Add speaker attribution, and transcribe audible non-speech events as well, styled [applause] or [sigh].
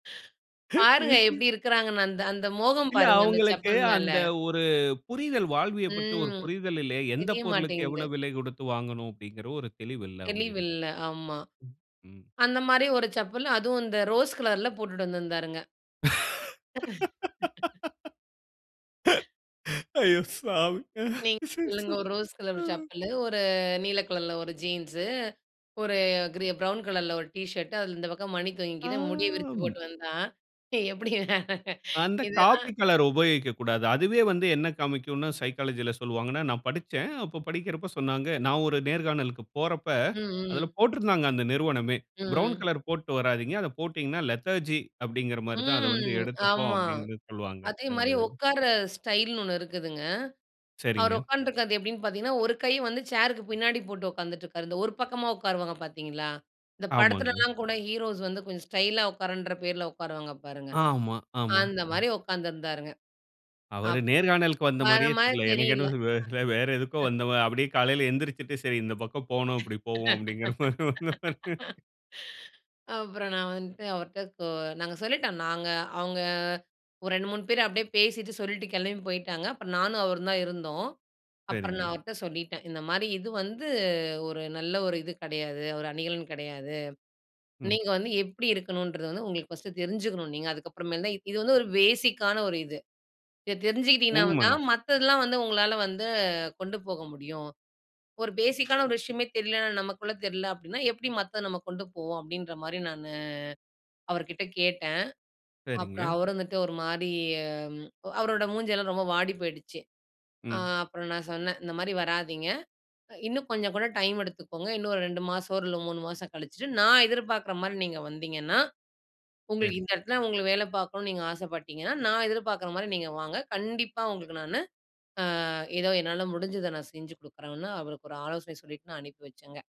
Speaker 1: பாருங்க
Speaker 2: [laughs]
Speaker 1: எப்படி இருக்குறாங்கன்னு! அந்த அந்த மோகம்
Speaker 2: இல்ல
Speaker 1: பாருங்க, அந்த
Speaker 2: அவுங்களுக்கு
Speaker 1: செப்பல் மேல.
Speaker 2: அந்த ஒரு புரிதல், வாழ்வியப் பத்தி ஒரு
Speaker 1: ம்.
Speaker 2: புரிதல் இல்லயே! எந்த
Speaker 1: தெரிய
Speaker 2: பொருளுக்கு
Speaker 1: மாட்டேங்குது.
Speaker 2: எவ்வளவு விலை கொடுத்து வாங்கணும், அப்படின்கிற ஒரு தெளிவு இல்ல அவுங்ககிட்ட.
Speaker 1: தெளிவில்ல, ஆமா.
Speaker 2: ம்.
Speaker 1: அந்த மாரி ஒரு செப்பல், அதுவும் இந்த ரோஸ் கலர்ல போட்டுட்டு வந்திருந்தாருங்க. [laughs]
Speaker 2: [laughs] அய்யோ சாமி!
Speaker 1: நீங்க சொல்லுங்க ஒரு ரோஸ் கலர் செப்பலு, ஒரு நீல கலர்ல ஒரு ஜீன்ஸு, ஒரு கிரீ ப்ரவுன் கலர்ல ஒரு டீ ஷர்ட், அதுல இந்த பக்கம் மணி
Speaker 2: ஆ,
Speaker 1: தொங்கிக்கின்னு, முடிய விரிச்சு
Speaker 2: ம்.
Speaker 1: போட்டு வந்தா! எப்படி
Speaker 2: அந்த காப்பி
Speaker 1: இதெல்லாம்.
Speaker 2: கலர் உபயோகிக்கக்கூடாது. அதுவே வந்து என்ன காமிக்கும்னா சைக்காலஜில சொல்லுவாங்கன்னா, நான் படிச்சேன். அப்போ படிக்கிறப்போ சொன்னாங்க நான் ஒரு நேர்காணலுக்குப் போறப்ப,
Speaker 1: ம்,
Speaker 2: அதுல
Speaker 1: ம்.
Speaker 2: போட்டிருந்தாங்க அந்த நிறுவனமே "ப்ரவுன்
Speaker 1: ம்.
Speaker 2: கலர் போட்டு வராதீங்க. அதை போட்டீங்கனா லெதர்ஜி அப்படீன்கிற மாரி தான் அத வந்து
Speaker 1: ம்,
Speaker 2: எடுத்துப்போம்."
Speaker 1: ஆமா.
Speaker 2: அப்படின்னு சொல்வாங்க,
Speaker 1: அதே
Speaker 2: அந்த
Speaker 1: மாரி
Speaker 2: இதுல.
Speaker 1: உட்கார ஸ்டைல்னு ஒண்ணு இருக்குதுங்க. அவர்
Speaker 2: சரிங்க.
Speaker 1: உட்காந்துட்டு இருக்குறது எப்படின்னு பார்த்தீங்கன்னா, ஒரு கை வந்து சேருக்கு பின்னாடி போட்டு உட்காந்துட்டு இருக்காரு. இந்த ஒரு பக்கமா உட்காருவாங்க பார்த்தீங்களா? இந்த
Speaker 2: ஆமாங்க.
Speaker 1: படத்துலலாம் கூட ஹீரோஸ் வந்து கொஞ்சம் ஸ்டைலா உட்கார்றன்ற பேருல உட்காருவாங்க பாருங்க.
Speaker 2: ஆமா, ஆமா.
Speaker 1: அந்த மாதிரி உட்காந்துருந்தாருங்க.
Speaker 2: அவரு
Speaker 1: அப்
Speaker 2: நேர்காணலுக்கு வந்த
Speaker 1: வர
Speaker 2: மாரியே
Speaker 1: மாரி
Speaker 2: தெரியல. எனக்கு
Speaker 1: தெரியில்ல.
Speaker 2: என்னவோ வேறு வேற எதுக்கோ வந்த மாரி,
Speaker 1: [chuckles]
Speaker 2: அப்படியே காலையில எந்திரிச்சுட்டு சரி இந்த பக்கம் போனோம்,
Speaker 1: [laughs]
Speaker 2: இப்படி போவோம் அப்படீன்கிற மாரி வந்தா [laughs]
Speaker 1: அப்புறம் நான் வந்துட்டு அவர்ட்ட கொ நாங்க சொல்லிட்டோம், நாங்க அவுங்க ஒரு 2, 3 பேர் அப்படியே பேசிட்டு, சொல்லிட்டு கிளம்பி போயிட்டாங்க. அப்புறம் நானும் அவரும் தான் இருந்தோம். அப்புறம் நான்
Speaker 2: சரிங்க.
Speaker 1: அவர்ட்ட சொல்லிட்டேன், இந்த மாரி "இது வந்து ஒரு நல்ல ஒரு இது கிடையாது, ஒரு அணிகலன் கிடையாது.
Speaker 2: ம்.
Speaker 1: நீங்க வந்து எப்படி இருக்கணுன்றது வந்து உங்களுக்கு ஃபர்ஸ்ட்டு தெரிஞ்சுக்கணும் நீங்க. அதுக்கப்புறமேல் தான், இது வந்து ஒரு பேஸிக்கான ஒரு இது. இத தெரிஞ்சுக்கிட்டிங்கனா தான்,
Speaker 2: உண்மதான்.
Speaker 1: மத்ததெல்லாம் வந்து உங்களால வந்து கொண்டு போக முடியும். ஒரு பேஸிக்கான ஒரு விஷயமே தெரியலன்னா, நமக்குள்ள தெரியல அப்படின்னா, எப்படி மத்தது நம்ம கொண்டு போவோம்?" அப்படின்ற மாதிரி நானு அவருகிட்ட கேட்டேன். அப்புறம்
Speaker 2: சரிங்க.
Speaker 1: அவர் வந்துட்டு ஒரு மாரி, அவரோட மூஞ்செல்லாம் ரொம்ப வாடி போயிடுச்சு. ஆ
Speaker 2: ம்.
Speaker 1: அப்புறம் நான் சொன்னேன், இந்த மாதிரி வராதீங்க. இன்னும் கொஞ்சம் கூட டைம் எடுத்துக்கோங்க. இன்னும் ஒரு 2 மாசம் இல்ல ஒரு 3 மாசம் கழிச்சுட்டு, நான் எதிர்பார்க்குற மாரி நீங்க வந்தீங்கன்னா, உங்களுக்கு
Speaker 2: சரி.
Speaker 1: இந்த இடத்துல உங்களுக்கு வேல பார்க்கணும்னு நீங்க ஆசைப்பட்டீங்கன்னா நான் எதிர்பார்க்குற மாரி நீங்க வாங்க. கண்டிப்பா உங்களுக்கு நானு ஆ ஏதோ என்னால முடிஞ்சத நான் செஞ்சு குடுக்குறேன்னு, அவருக்கு ஒரு ஆலோசனை சொல்லிட்டு நான் அனுப்பி வச்சேங்க.